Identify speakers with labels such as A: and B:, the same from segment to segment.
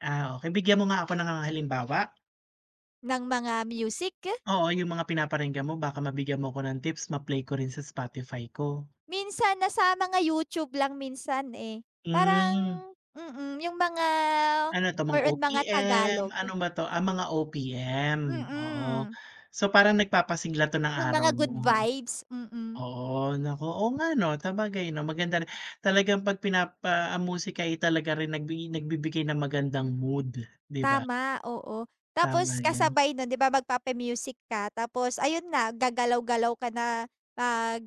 A: Ah, okay. Bigyan mo nga ako ng halimbawa.
B: Ng mga music?
A: Oo, yung mga pinaparinggan mo baka mabigyan mo ko ng tips, ma-play ko rin sa Spotify ko.
B: Minsan, nasa mga YouTube lang minsan, eh. Parang
A: Hmm.
B: mm, yung mga
A: Ano 'to, mga
B: more on mga
A: OPM,
B: Tagalog.
A: ano ba 'to? Ah, ang mga OPM. Oo,
B: Mm.
A: so parang nagpapasigla ‘to ng
B: Yung
A: araw
B: mga good
A: mo.
B: vibes, mm.
A: Oo, nako. Oo nga ‘no, sabagay ‘no maganda rin talagang ‘pag pinapa musika ay talaga rin nagbi nagbibigay ng magandang mood, ‘di ba.
B: Tama, oo.
A: Tama
B: Tapos
A: ‘yan.
B: kasabay nun ‘di ba, magpapa-music ka, tapos ayun na, gagalaw galaw ka na, mag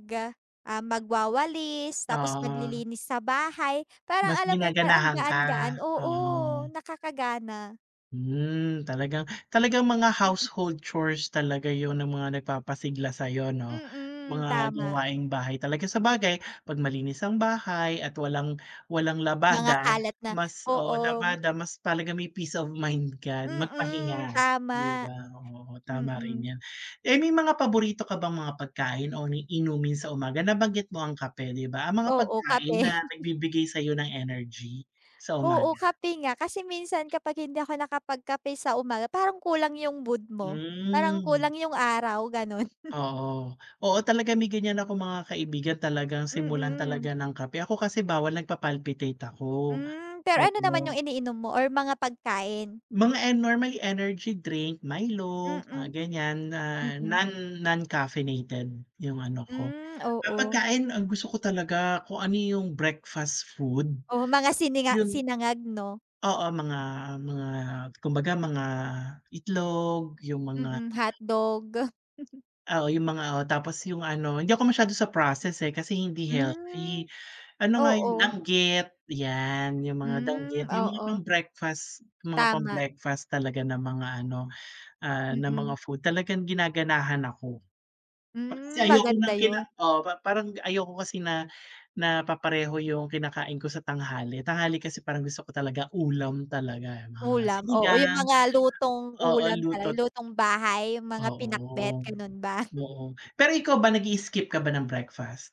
B: ah, magwawalis, tapos
A: Oo.
B: maglilinis sa bahay, parang
A: Mas
B: alam mo ‘yon, parang ang
A: ginaganahan ka?
B: gaan-gaan. Oo,
A: Oo.
B: nakakagana.
A: Hmm, talagang, talagang mga
B: Mm.
A: household chores talaga yun ng mga nagpapasigla sa’yo, ‘no.
B: Mm,
A: Mga
B: tama.
A: gawaing bahay talaga. Sabagay, ‘pag malinis ang bahay at walang walang
B: Mga
A: labada,
B: kalat na
A: mas oo,
B: oo.
A: labada, mas talaga may peace of mind ka
B: Mm,
A: magpahinga, ‘di
B: tama.
A: ba. Oo, tama rin
B: Mm.
A: ‘yan. Eh, may mga paborito ka bang mga pagkain o inumin sa umaga? Nabanggit mo ang kape, ‘di ba. Ang mga
B: Oo, kape.
A: pagkain na nagbibigay sa’yo ng energy sa
B: Oo,
A: umaga.
B: kape nga. Kasi minsan kapag hindi ako nakapag kape sa umaga, parang kulang yung mood mo. Parang
A: Hmm.
B: kulang yung araw, gano’n.
A: Oo. Oo, talaga may ganiyan akong mga kaibigan, talagang simulan talaga
B: Mm.
A: ng kape. Ako kasi bawal, nagpapalpitate ako.
B: Hmm, pero ano
A: Oo.
B: naman yung iniinom mo or mga pagkain?
A: Mga e normally energy drink. Milo, ah,
B: Mm.
A: ganiyan, ah,
B: Mm.
A: non non-caffeinated yung ano ko
B: Hmm,
A: ah,
B: oo.
A: pagkain, ang gusto ko talaga kung ano yung breakfast food,
B: Oh, mga sininga
A: yun
B: sinangag ‘no.
A: oo, mga mga kumbaga mga itlog, yung mga
B: Mm, hotdog.
A: oo, yung mga o tapos yung ano, hindi ako masyado sa process, eh, kasi hindi
B: Hmm,
A: healthy. Ano nga, yung
B: oo.
A: dangit, ‘yan, yung mga
B: Hmm,
A: dangit, yung mga pang
B: oo.
A: breakfast, mga pang
B: Tama.
A: breakfast talaga na mga ano, ah, na mga
B: Mm.
A: food. Talagang ginaganahan ako. Kasi
B: Hmm,
A: ayoko
B: maganda
A: ng kina
B: ‘yon.
A: oo, pa parang ayoko kasi na na papareho yung kinakain ko sa tanghali. Tanghali kasi parang gusto ko talaga ulam talaga, mga
B: Ulam. Oo, yung
A: sinigang.
B: mga lutong
A: Oo,
B: ulam talaga, yung
A: luto’t
B: lutong bahay, yung mga pinakbet,
A: Oo,
B: ganun ba?
A: oo. Pero ikaw ba, nag-i-skip ka ba ng breakfast?